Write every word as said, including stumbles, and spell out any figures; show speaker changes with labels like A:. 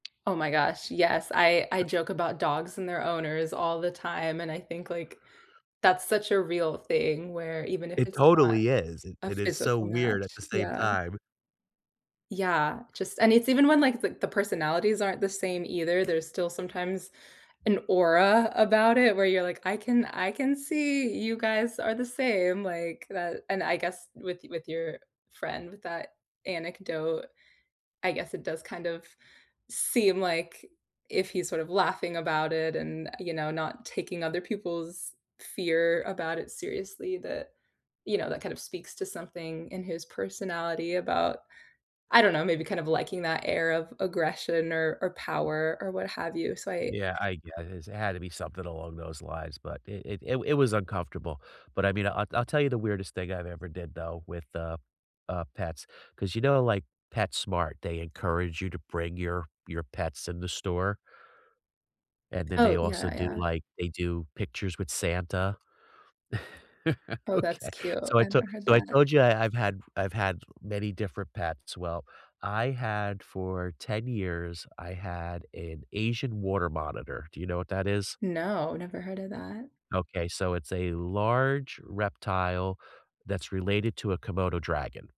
A: Oh, my gosh, yes, I I joke about dogs and their owners all the time, and I think, like, that's such a real thing where even if
B: It
A: it's not
B: totally is, it
A: a
B: it is so
A: physical
B: weird at
A: match,
B: the same
A: yeah.
B: time.
A: Yeah, just and it's even when, like, the the personalities aren't the same either, there's still sometimes an aura about it where you're, like, "I can I can see you guys are the same," like, that, and I guess with with your friend with that anecdote, I guess it does kind of seem, like, if he's sort of laughing about it and, you know, not taking other people's fear about it seriously, that, you know, that kind of speaks to something in his personality about I don't know, maybe kind of liking that air of aggression or or power or what have you, so I
B: Yeah, I guess it had to be something along those lines, but it it it it was uncomfortable. But I mean, I'll I'll tell you the weirdest thing I've ever did though with the, uh, pets, 'cause, you know, like, PetSmart, they encourage you to bring your your pets in the store. And then they
A: Oh,
B: also
A: yeah,
B: do,
A: yeah.
B: like, they do pictures with Santa.
A: Oh, that's
B: Okay.
A: cute.
B: So I
A: I
B: to
A: never heard
B: so I
A: that.
B: told you I I've had I've had many different pets. Well, I had for ten years, I had an Asian water monitor. Do you know what that is?
A: No, never heard of that.
B: Okay, so it's a large reptile that's related to a Komodo dragon.